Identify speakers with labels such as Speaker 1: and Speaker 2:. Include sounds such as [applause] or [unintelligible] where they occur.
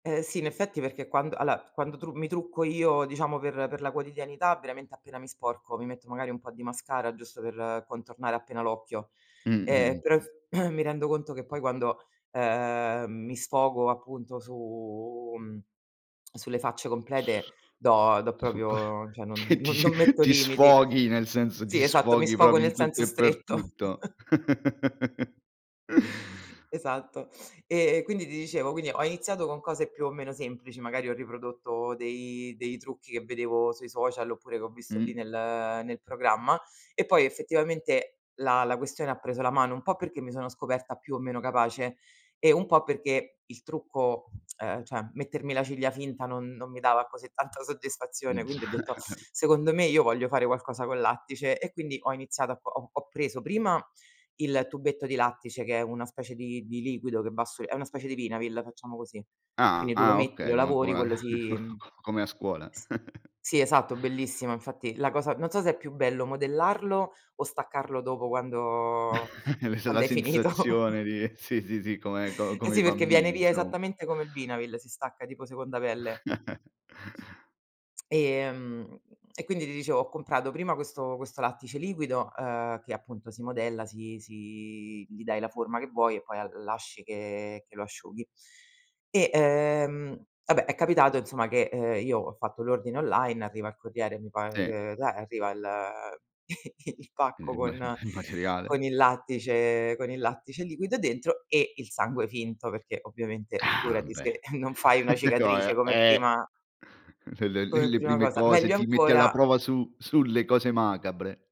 Speaker 1: Eh, sì, in effetti perché quan alla quando tru mi trucco io, diciamo per per la quotidianità, veramente appena mi sporco, mi metto magari un po' di mascara giusto per contornare appena l'occhio.
Speaker 2: Mh. Mh.
Speaker 1: Eh,
Speaker 2: Mh.
Speaker 1: però ef [coughs] mi rendo conto che poi quando, ehm, mi sfogo appunto su, mhmm, [clicks tongue] sulle facce complete do do
Speaker 2: Su qua
Speaker 1: proprio cioè non
Speaker 2: che ti
Speaker 1: non metto
Speaker 2: ti
Speaker 1: limiti.
Speaker 2: sfoghi, nel senso ti
Speaker 1: Sì, esatto mi
Speaker 2: sfoghi
Speaker 1: sfogo
Speaker 2: proprio in
Speaker 1: nel
Speaker 2: tutto
Speaker 1: senso
Speaker 2: e per
Speaker 1: stretto. [chuckles]
Speaker 2: tutto. [laughs]
Speaker 1: Esatto. [sucks teeth] E e quindi ti dicevo, quindi ho iniziato con cose più o meno semplici, magari ho riprodotto dei dei trucchi che vedevo sui social, oppure che ho visto lì
Speaker 2: Mh.
Speaker 1: nel nel programma. E poi effettivamente la la questione ha preso la mano, un po' perché mi sono scoperta più o meno capace, e un po' perché il trucco, ehm, cioè mettermi la ciglia finta non non mi dava così tanta soddisfazione, quindi ho
Speaker 2: Già.
Speaker 1: detto: "Secondo me io voglio fare qualcosa col lattice." E quindi ho iniziato a ho ho preso prima il tubetto di lattice che è una specie di di liquido che va su è una specie di vinavil, facciamo così.
Speaker 2: Ah,
Speaker 1: Quindi tu lo
Speaker 2: ah,
Speaker 1: metti, lo
Speaker 2: okay, co
Speaker 1: lavori,
Speaker 2: come
Speaker 1: quello si, mhmm,
Speaker 2: [chuckles] come a scuola. [chuckles]
Speaker 1: sì, esatto, bellissimo. Infatti la cosa non so se è più bello modellarlo o staccarlo dopo quando
Speaker 2: [chuckles] L la
Speaker 1: quando hai finito.
Speaker 2: sensazione di sì, sì, sì, come
Speaker 1: Eh,
Speaker 2: com i
Speaker 1: sì, perché viene
Speaker 2: bambini
Speaker 1: via
Speaker 2: inso
Speaker 1: esattamente come il vinavil, si stacca tipo seconda pelle.
Speaker 2: [chuckles]
Speaker 1: [clicks tongue] Ehm, e quindi ti dicevo, ho comprato prima questo questo lattice liquido, uhm, che appunto si modella, si si gli dai la forma che vuoi, e poi l lasci che lo asciughi. E, ehm, vabbè è capitato insomma che, uhm, io ho fatto l'ordine online, arriva il corriere, mi par
Speaker 2: Sì.
Speaker 1: [unintelligible] arriva il [chuckles] il pacco
Speaker 2: Il ma il
Speaker 1: con
Speaker 2: ma il materiale.
Speaker 1: con il lattice con il lattice liquido dentro, e il sangue finto, perché ovviamente
Speaker 2: Ah,
Speaker 1: figurati
Speaker 2: beh,
Speaker 1: se non fai una
Speaker 2: [chuckles]
Speaker 1: cicatrice
Speaker 2: gioia
Speaker 1: come
Speaker 2: eh,
Speaker 1: prima
Speaker 2: l l
Speaker 1: come
Speaker 2: le
Speaker 1: prima
Speaker 2: prime
Speaker 1: cosa.
Speaker 2: cose
Speaker 1: Meglio
Speaker 2: ti metti alla
Speaker 1: ancora
Speaker 2: prova su sulle cose macabre.